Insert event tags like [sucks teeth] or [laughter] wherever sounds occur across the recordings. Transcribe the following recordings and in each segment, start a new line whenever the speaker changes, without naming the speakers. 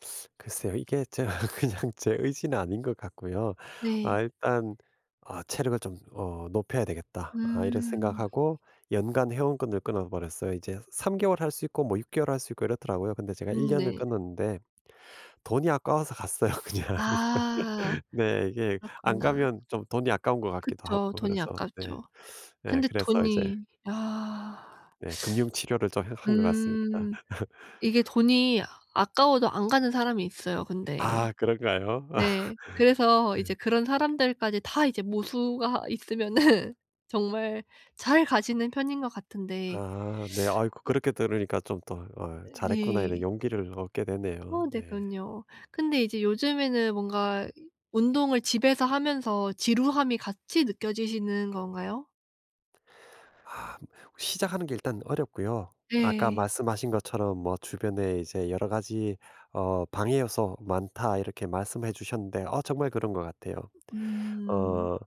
[sucks teeth] 글쎄요. 이게 제가 그냥 제 의지는 아닌 것 같고요. '아
네.
일단 어 체력을 좀 어 높여야 되겠다.' 아 이런
음.
생각하고 연간 회원권을 끊어 버렸어요. 이제 3 개월 할 수 있고 뭐 6 개월 할 수 있고 이렇더라고요. 근데 제가 1
음
년을
네.
끊었는데 돈이 아까워서 갔어요 그냥.
아.
[laughs] 네. 이게 안
그렇구나.
가면 좀 돈이 아까운 것 같기도
그쵸.
하고
돈이
그래서 네
아깝죠.
[sucks teeth] 예
근데
그래서 이제
돈이 아.
네 금융 치료를 좀 해
[sucks teeth]
한 것 같습니다.
음
[laughs]
이게 돈이 아까워도 안 가는 사람이 있어요 근데.
아 그런가요? 아.
네 그래서
네.
이제 그런 사람들까지 다 이제 모수가 있으면은 정말 잘 가시는 편인 것 같은데
아 네. 아이고
[sucks teeth] 어
그렇게 들으니까 좀 더 '아유
어
잘했구나.' 이런
네.
용기를 얻게 되네요.
아 네.
네.
그럼요. 근데 이제 요즘에는 뭔가 운동을 집에서 하면서 지루함이 같이 느껴지시는 건가요?
아 시작하는 게 일단 어렵고요. 아까
네.
말씀하신 것처럼 뭐 "주변에 이제 여러 가지 어 방해 요소 많다." 이렇게 말씀을 해 주셨는데 어 정말 그런 것 같아요.
음.
어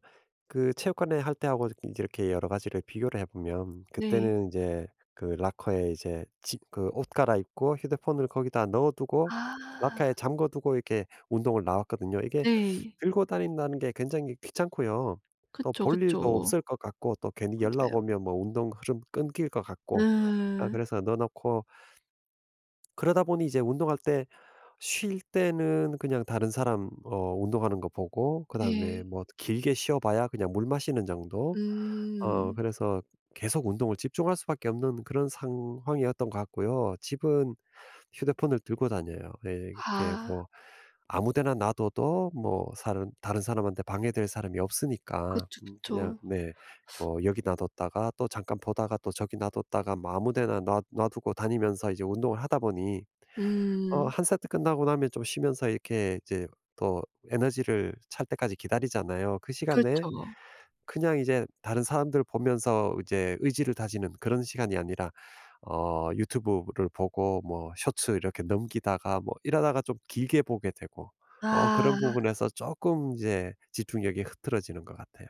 그 체육관에 할 때 하고 저기 이렇게 여러 가지를 비교를 해 보면
네.
그때는 이제 그 라커에 이제 지 그 옷 갈아입고 휴대폰을 거기다 넣어두고 라커에
아.
잠가두고 이렇게 운동을 나왔거든요. 이게
네.
[sucks teeth] 들고 다닌다는 게 굉장히 귀찮고요. 또
그쵸,
볼 일도
그쵸.
없을 것 같고 또 괜히 연락
맞아요.
오면 뭐 운동 흐름 끊길 것 같고 아
예.
그래서 넣어 놓고 그러다 보니 이제 운동할 때 쉴 때는 그냥 다른 사람 어 운동하는 거 보고 그다음에
예.
뭐 길게 쉬어 봐야 그냥 물 마시는 정도 어
음.
그래서 계속 운동을 집중할 수밖에 없는 그런 상황이었던 것 같고요. 집은 휴대폰을 들고 다녀요. 예 이렇게
아.
뭐 아무 데나 놔둬도 뭐 사람 다른 사람한테 방해될 사람이 없으니까
그쵸,
음 그냥
그쵸.
네 뭐 여기 놔뒀다가 또 잠깐 보다가 또 저기 놔뒀다가 뭐 아무 데나 놔 놔두고 다니면서 이제 운동을 하다 보니 어
음.
1 세트 끝나고 나면 좀 쉬면서 이렇게 이제 더 에너지를 찰 때까지 기다리잖아요. 그 시간에
그쵸.
그냥 이제 다른 사람들 보면서 이제 의지를 다지는 그런 시간이 아니라 어 유튜브를 보고 뭐 쇼츠 이렇게 넘기다가 뭐 이러다가 좀 길게 보게 되고 어 그런
아.
부분에서 쪼끔 이제 집중력이 흐트러지는 것 같아요.